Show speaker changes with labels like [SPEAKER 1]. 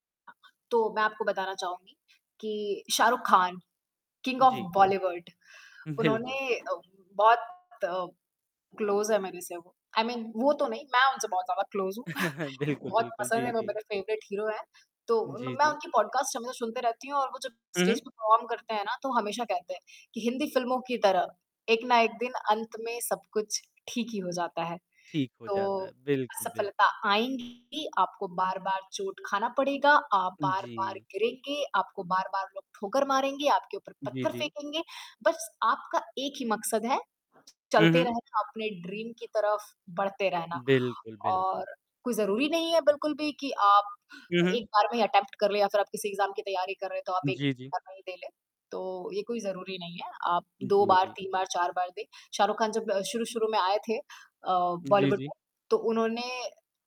[SPEAKER 1] तो मैं आपको बताना चाहूँगी कि शाहरुख खान किंग ऑफ
[SPEAKER 2] जी।
[SPEAKER 1] बॉलीवुड
[SPEAKER 2] बिल्कुल।
[SPEAKER 1] उन्होंने अ बहुत क्लोज है मेरे से वो आई मीन वो तो नहीं मैं उनसे बहुत ज़्यादा क्लोज हूँ।
[SPEAKER 2] बिल्कुल,
[SPEAKER 1] बहुत
[SPEAKER 2] बिल्कुल।
[SPEAKER 1] पसंद
[SPEAKER 2] जी,
[SPEAKER 1] हैं वो
[SPEAKER 2] जी।
[SPEAKER 1] मेरे फेवरेट हीरो हैं। तो म
[SPEAKER 2] जी,
[SPEAKER 1] मैं
[SPEAKER 2] जी।
[SPEAKER 1] उनकी पॉडकास्ट हमेशा सुनते रहती हूँ और वो जब
[SPEAKER 2] हुँ,
[SPEAKER 1] स्टेज
[SPEAKER 2] हुँ।
[SPEAKER 1] पे परफॉर्म करते हैं ना तो हमेशा कहते हैं कि हिंदी फिल्मों की तरह एक ना एक दिन अंत में सब कुछ ठीक ही हो जाता है।
[SPEAKER 2] ठीक हो
[SPEAKER 1] तो
[SPEAKER 2] जाता है। बिल्कुल,
[SPEAKER 1] असफलता
[SPEAKER 2] बिल्कुल।
[SPEAKER 1] आएँगी आपको बार-बार चोट खाना पड़ेगा, आप बार-बार
[SPEAKER 2] जी।
[SPEAKER 1] गिरेंगे, आपको बार-बार लोग ठोकर मारेंगे, आपके ऊपर
[SPEAKER 2] जी,
[SPEAKER 1] पत्थर
[SPEAKER 2] जी।
[SPEAKER 1] फेंकेंगे। बस आपका एक ही मकसद है
[SPEAKER 2] हुँ,
[SPEAKER 1] चलते
[SPEAKER 2] हुँ।
[SPEAKER 1] रहना, अपने ड्रीम की तरफ बढ़ते रहना।
[SPEAKER 2] बिल्कुल, बिल्कुल।
[SPEAKER 1] और कोई ज़रूरी नहीं है बिल्कुल भी कि आप
[SPEAKER 2] हुँ, हुँ।
[SPEAKER 1] 1 बार में ही अटेम्प्ट कर लें या फिर आप किसी एग्जाम की तैयारी कर रहे हैं तो आप 1
[SPEAKER 2] जी, जी।
[SPEAKER 1] बार में ही दे लें तो ये कोई ज़रूरी नहीं है। आप 2
[SPEAKER 2] जी,
[SPEAKER 1] बार,
[SPEAKER 2] जी।
[SPEAKER 1] 3 बार 4 बार दें। शाहरुख खान जब शुरू-शुरू में आये थे अ,
[SPEAKER 2] जी,
[SPEAKER 1] बॉलीवुड
[SPEAKER 2] जी।
[SPEAKER 1] में तो उन्होंने